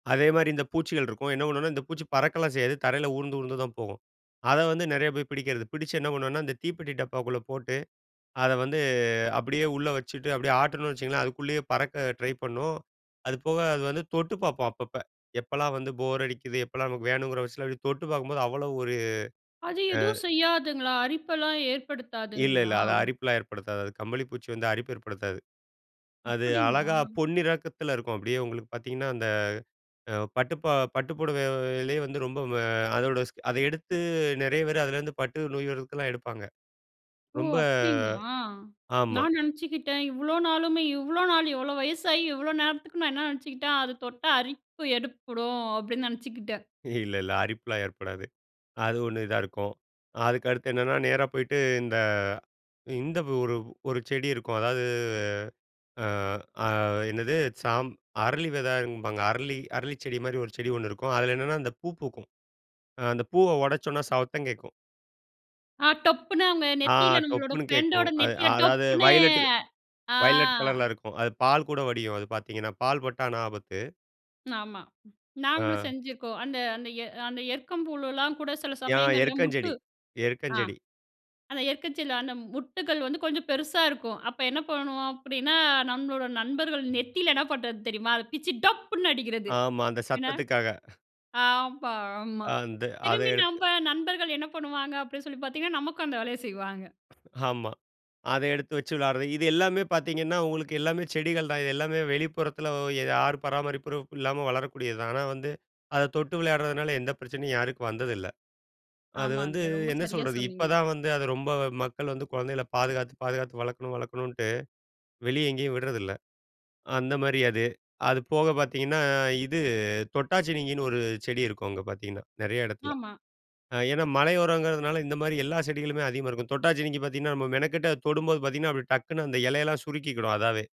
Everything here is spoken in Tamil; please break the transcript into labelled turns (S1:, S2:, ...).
S1: அதே மாரி இந்த பூச்சிகள் இருக்கும். என்ன பண்ணுவோம்னா, இந்த பூச்சி பறக்கலாம் செய்யாது. தரையில ஊர்ந்து ஊர்ந்துதான் போகும். அத வந்து நெறைய பேரு பிடிக்கிறது. பிடிச்சு என்ன பண்ணுவோம்னா, அந்த தீப்பெட்டி டப்பாக்குள்ள போட்டு, அத வந்து அப்டியே உள்ளே வச்சுட்டு அப்டியே ஆட்னம்னு வச்சுக்கோங்களேன். அதுக்குள்ளேயே பறக்க ட்ரை பண்ணும். அது போக அது வந்து தொட்டு பார்ப்போம் அப்பப்ப. எப்போலாம் வந்து போர் அடிக்குது எப்போலாம் நமக்கு வேணுங்கிற விசல அப்டியே தொட்டு பார்க்கும்போது அவ்வளவு ஒரு
S2: அது
S1: அ.
S2: எதுவும் செய்யாதுங்களா, அரிப்பெல்லாம்
S1: இல்ல, இல்ல.
S2: ஏற்படுத்தாதுங்களா?
S1: அது அரிப்புலாம் ஏற்படுத்தாது. அது கம்பளி பூச்சி வந்து அரிப்பு ஏற்படுத்தாது. அது அழகா
S2: அப்டிங்களா?
S1: பொன்னிறக்கத்துல இருக்கும். அப்டியே உங்களுக்கு பார்த்தீங்கன்னா, அந்த பட்டு பா பட்டு புடவையிலேயே வந்து ரொம்ப அ அதோட அத எடுத்து, நெறைய பேரு அதுலேந்து பட்டு நொய்வதுக்கெல்லாம் எடுப்பாங்க.
S2: ஓ!
S1: ரொம்ப
S2: அப்டிங்களா?
S1: ஆமா.
S2: நான் நெனச்சுக்கிட்டேன் இவ்ளோ நாளுமே இவ்ளோ நாள் இவ்ளோ வயசாகி, இவ்வளவு நேரத்துக்கு நான் என்ன நெனச்சுக்கிட்டேன் அது தொட்டா அரிப்பு எற்ப்படும் அப்டின்னு நெனச்சுக்கிட்டேன்.
S1: இல்ல, இல்ல. அரிப்புலாம் ஏற்படாது. அது ஒண்ணு இதா இருக்கும். அதுக்கடுத்து என்னன்னா, நேரா போயிட்டு இந்த இந்த ஒரு ஒரு செடி இருக்கும். அதாவது, அ அ என்னது, சாம் அரளி வெதம்பாங்க. அரளி அரளி செடி மாரி, ஒரு செடி ஒண்ணு இருக்கும். அதுல என்னன்னா அந்த பூ பூக்கும். அ அந்த பூவ ஒடைச்சோம்னா சத்தம் கேட்கும்.
S2: அ டொப்புன்னு அவங்க
S1: ஆ
S2: நெத்தில, நம்மளோட
S1: டொப்புன்னு கேட்கும்.
S2: பிரெண்ட்டோட
S1: அது
S2: நெத்தில
S1: அதாவது
S2: டொப்புன்னு.
S1: வயலட்
S2: ஆ.
S1: வயலட் கலர்ல இருக்கும். அது பால் கூட வடியும் அது பார்த்தீங்கன்னா, பால் பட்டா ஆனா ஆபத்து.
S2: ஆமா. நாங்களும்
S1: ஆ.
S2: செஞ்சுருக்கோம். அந்த அந்த எ அந்த எருக்கம்பூவுலலாம் கூட, சில
S1: யா,
S2: சமயங்கள்ல முட்டு
S1: எருக்கஞ்செடி
S2: ஆ
S1: எருக்கஞ்செடி.
S2: அந்த எருக்கஞ்செடில அந்த முட்டுகள் வந்து கொஞ்சம் பெருசா இருக்கும். அப்ப என்ன பண்ணுவோம் அப்டின்னா, நம்மளோட நண்பர்கள் நெத்தியில என்ன பண்றது தெரியுமா? அத பிச்சு டப்புன்னு அடிக்கிறது.
S1: ஆமா. அந்த
S2: என்ன
S1: சத்தத்துக்காக.
S2: ஆமா ஆமா.
S1: அந்த அத
S2: திரும்பி
S1: எடுத்து
S2: நம்ப நண்பர்கள் என்ன பண்ணுவாங்க அப்டின்னு சொல்லி பார்த்தீங்கன்னா, நமக்கும் அந்த வேலைய செய்வாங்க.
S1: ஆமா. அத எடுத்து வச்சு விளையாட்றது. இது எல்லாமே பார்த்தீங்கன்னா உங்களுக்கு எல்லாமே செடிகள் தான் இது. எல்லாமே வெளிப்புறத்துல யார் பராமரிப்பும் இல்லாம வளரக்கூடியது தான். ஆனா வந்து அத தொட்டு வெளையாட்றதுனால, எந்த பிரச்சனையும் யாருக்கும் வந்ததில்ல. அது வந்து
S2: ஆமாங்க. ரொம்ப
S1: என்ன
S2: சரியா
S1: சொல்றது?
S2: சொன்னீங்க.
S1: இப்பதான் வந்து, அத ரொம்ப மக்கள் வந்து கொழந்தைகள பாதுகாத்து பாதுகாத்து, வளர்க்கணும் வளர்க்கணுன்ட்டு, வெளியே எங்கேயும் விட்றதில்ல. அந்த மாரி அது. அது போக பார்த்தீங்கன்னா இது, தொட்டாச்சினுங்கின்னு ஒரு செடி இருக்கும். அங்க பார்த்தீங்கன்னா, நெறைய இடத்துல.
S2: ஆமா.
S1: அ ஏன்னா மலையோரங்கிறதுனால இந்த மாரி எல்லா செடிகளுமே அதிகமா இருக்கும். தொட்டாச்சினுங்கி பார்த்தீங்கன்னா, நம்ம மெனக்கெட்டு தொடும்போது பார்த்தீங்கன்னா, அப்டி டக்குன்னு அந்த எலையெல்லாம் சுருக்கிக்கிடும் அதாவே.